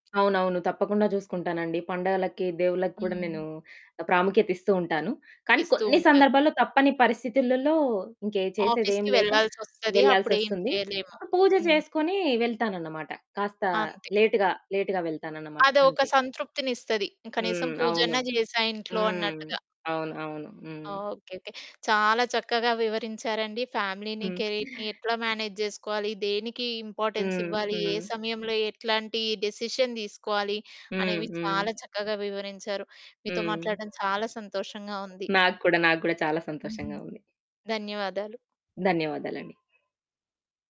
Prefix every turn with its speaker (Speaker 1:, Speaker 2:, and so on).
Speaker 1: అవునవును. తప్పకుండా జూసుకుంటానండి. పండగలకి, దేవుళ్ళకి కూడా నేను
Speaker 2: హ్మ్.
Speaker 1: ప్రాముఖ్యత ఇస్తూ ఉంటాను. కానీ,
Speaker 2: ఇస్తూ
Speaker 1: కొన్ని
Speaker 2: ఉంటారు.
Speaker 1: సందర్భాల్లో తప్పని పరిస్థితులలో ఇంకే చేసేదేం
Speaker 2: ఆఫీస్‌కి
Speaker 1: లేక
Speaker 2: వెళ్ళాల్సి ఒస్తది.
Speaker 1: వెళ్ళాల్సి
Speaker 2: అప్పుడేం
Speaker 1: ఒస్తుంది.
Speaker 2: చేయలేము.
Speaker 1: పూజ
Speaker 2: హ్మ్.
Speaker 1: జేసుకొని వెళ్తానన్నమాట. కాస్త
Speaker 2: అంతే.
Speaker 1: లేట్‌గా, లేట్‌గా వెళ్తానన్నమాట
Speaker 2: అదొక
Speaker 1: అంతే.
Speaker 2: సంతృప్తినిస్తది. కనీసం
Speaker 1: హ్మ్. అవును.
Speaker 2: పూజన్న జేసా ఇంట్లో
Speaker 1: హ్మ్.
Speaker 2: అన్నట్టుగా.
Speaker 1: అవును అవును. హ్మ్.
Speaker 2: ఓకే. ఓకే. చాలా చక్కగా వివరించారండి. ఫ్యామిలీని,
Speaker 1: హ్మ్.
Speaker 2: కెరీర్‌ని ఎట్లా మేనేజ్ జేసుకోవాలి? దేనికి ఇంపార్టెన్స్
Speaker 1: హ్మ్.
Speaker 2: ఇవ్వాలి? ఏ
Speaker 1: హ్మ్.
Speaker 2: సమయంలో ఎట్లాంటి డెసిషన్ దీసుకోవాలి?
Speaker 1: హ్మ్.
Speaker 2: అనేవి
Speaker 1: హ్మ్.
Speaker 2: చాలా చక్కగా వివరించారు. మీతో
Speaker 1: హ్మ్.
Speaker 2: మాట్లాడ్డం చాలా సంతోషంగా ఉంది.
Speaker 1: నాకు కూడా, నాకు కూడా చాలా
Speaker 2: హుహు.
Speaker 1: సంతోషంగా ఉంది.
Speaker 2: ధన్యవాదాలు.
Speaker 1: ధన్యవాదాలండి.